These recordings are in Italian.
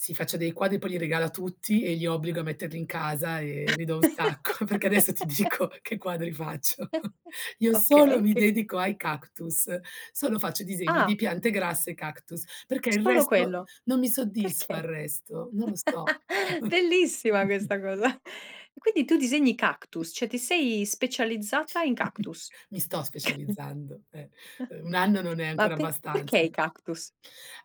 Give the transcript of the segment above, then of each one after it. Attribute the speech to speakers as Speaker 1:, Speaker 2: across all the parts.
Speaker 1: Si, faccio dei quadri poi li regalo a tutti e li obbligo a metterli in casa e ne do un sacco, perché adesso ti dico che quadri faccio. Io solo
Speaker 2: Okay,
Speaker 1: mi
Speaker 2: che co
Speaker 1: dedico ai cactus, solo faccio disegni di
Speaker 2: Ah.
Speaker 1: piante grasse e cactus, perché il
Speaker 2: Solo
Speaker 1: resto
Speaker 2: quello.
Speaker 1: non mi soddisfa il
Speaker 2: Perché?
Speaker 1: resto, non lo so.
Speaker 2: Bellissima questa cosa. E quindi tu disegni cactus, cioè, ti sei specializzata in cactus?
Speaker 1: Mi sto specializzando, eh. Uhm, 1 anno non è
Speaker 2: Ma
Speaker 1: ancora
Speaker 2: pe perché
Speaker 1: abbastanza.
Speaker 2: i cactus?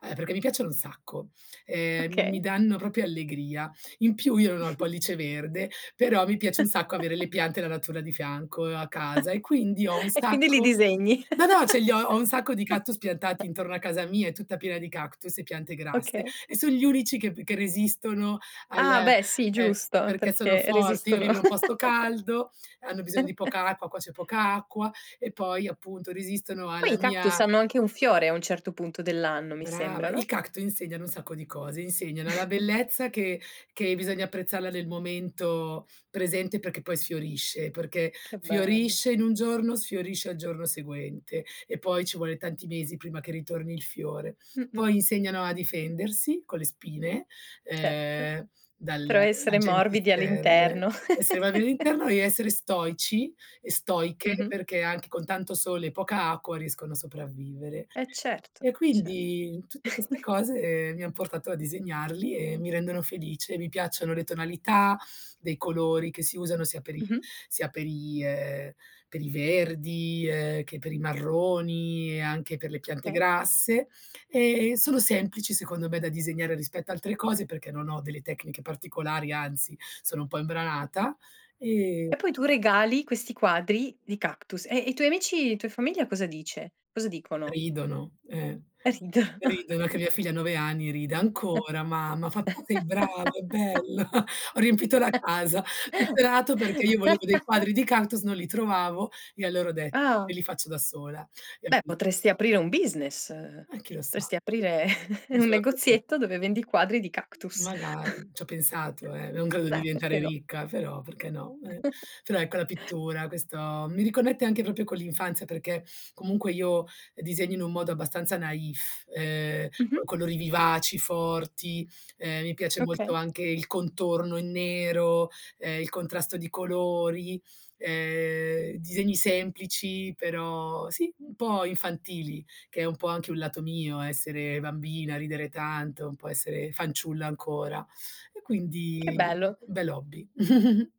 Speaker 1: Eh, perché mi piacciono un sacco. Ehm, mi
Speaker 2: Okay.
Speaker 1: danno proprio allegria. In più io non ho il pollice verde, però mi piace un sacco avere le piante e la natura di fianco a casa e quindi ho un
Speaker 2: E quindi li
Speaker 1: sacco
Speaker 2: disegni.
Speaker 1: no, no. Ce li ho ho un sacco di cactus piantati intorno a casa mia, è tutta piena di cactus e piante grasse
Speaker 2: Okay.
Speaker 1: e son gli unici che p che resistono
Speaker 2: Ah,
Speaker 1: al
Speaker 2: beh, sì,
Speaker 1: eh,
Speaker 2: giusto.
Speaker 1: perché sono
Speaker 2: Perché
Speaker 1: forti. Io
Speaker 2: resistono
Speaker 1: vivo in un posto caldo, hanno bisogno di poca acqua, qua c'è poca acqua e poi appunto resistono
Speaker 2: Poi
Speaker 1: alla
Speaker 2: i cactus
Speaker 1: mia
Speaker 2: hanno anche un fiore a un certo punto dell'anno, mi
Speaker 1: Brava,
Speaker 2: sembra
Speaker 1: il
Speaker 2: no?
Speaker 1: cactu insegnano un sacco di cose, insegnano la bellezza che che bisogna apprezzarla nel momento presente perché poi sfiorisce, perché
Speaker 2: Che bello.
Speaker 1: fiorisce in un giorno, sfiorisce al giorno seguente e poi ci vuole tanti mesi prima che ritorni il fiore.
Speaker 2: Mh-mh.
Speaker 1: Poi insegnano a difendersi con le spine,
Speaker 2: Certo,
Speaker 1: ehm, dal
Speaker 2: però essere
Speaker 1: agenti
Speaker 2: morbidi
Speaker 1: esterne.
Speaker 2: all'interno.
Speaker 1: E se [unintelligible] essere stoici e stoiche
Speaker 2: Mh-mh.
Speaker 1: perché anche con tanto sole e poca acqua riescono a sopravvivere.
Speaker 2: Eh, certo,
Speaker 1: E
Speaker 2: certo.
Speaker 1: quindi, tutte queste cose mi han portato a disegnarli e mi rendono felice. Mi piacciono le tonalità dei colori che si usano sia per i
Speaker 2: Mh-mh.
Speaker 1: sia per i, ehm, per i verdi, ehm, che per i marroni e anche per le piante
Speaker 2: Eh.
Speaker 1: grasse e sono semplici secondo me da disegnare rispetto a altre cose perché non ho delle tecniche particolari, anzi sono un po' imbranata e
Speaker 2: E poi tu regali questi quadri di cactus. E e i tuoi amici, i tuoi famiglia cosa dice? Cosa dicono?
Speaker 1: Ridono, eh.
Speaker 2: Eh, rid
Speaker 1: Ridono che mia figlia ha 9 anni ride: "Ancora mamma" fa: "Tu sei brava, è bello." Ho riempito la casa. Tutto è nato perché io volevo dei quadri di cactus, non li trovavo e allora ho detto,
Speaker 2: Ah.
Speaker 1: me li faccio da sola, e ho
Speaker 2: Beh,
Speaker 1: inizia
Speaker 2: potresti aprire un business,
Speaker 1: Eh, chi lo sa?
Speaker 2: potresti aprire
Speaker 1: Mi
Speaker 2: un
Speaker 1: sono affezio
Speaker 2: negozietto dove vendi quadri di cactus.
Speaker 1: Magari. Ci ho pensato, eh. Non credo di
Speaker 2: Beh, perché
Speaker 1: diventare
Speaker 2: no?
Speaker 1: ricca, però, perché no. Eh. Però, ecco la pittura questo mi riconnette anche proprio con l'infanzia perché comunque io disegno in un modo abbastanza naif, ehm, con
Speaker 2: Mh-mh.
Speaker 1: colori vivaci, forti, ehm, mi piace molto
Speaker 2: Okay.
Speaker 1: anche il contorno in nero, ehm, il contrasto di colori, ehm disegni semplici, però sì, un po' infantili, che è un po' anche un lato mio essere bambina, ridere tanto, un po' essere fanciulla ancora. E
Speaker 2: Che
Speaker 1: quindi
Speaker 2: bello.
Speaker 1: un bell'hobby.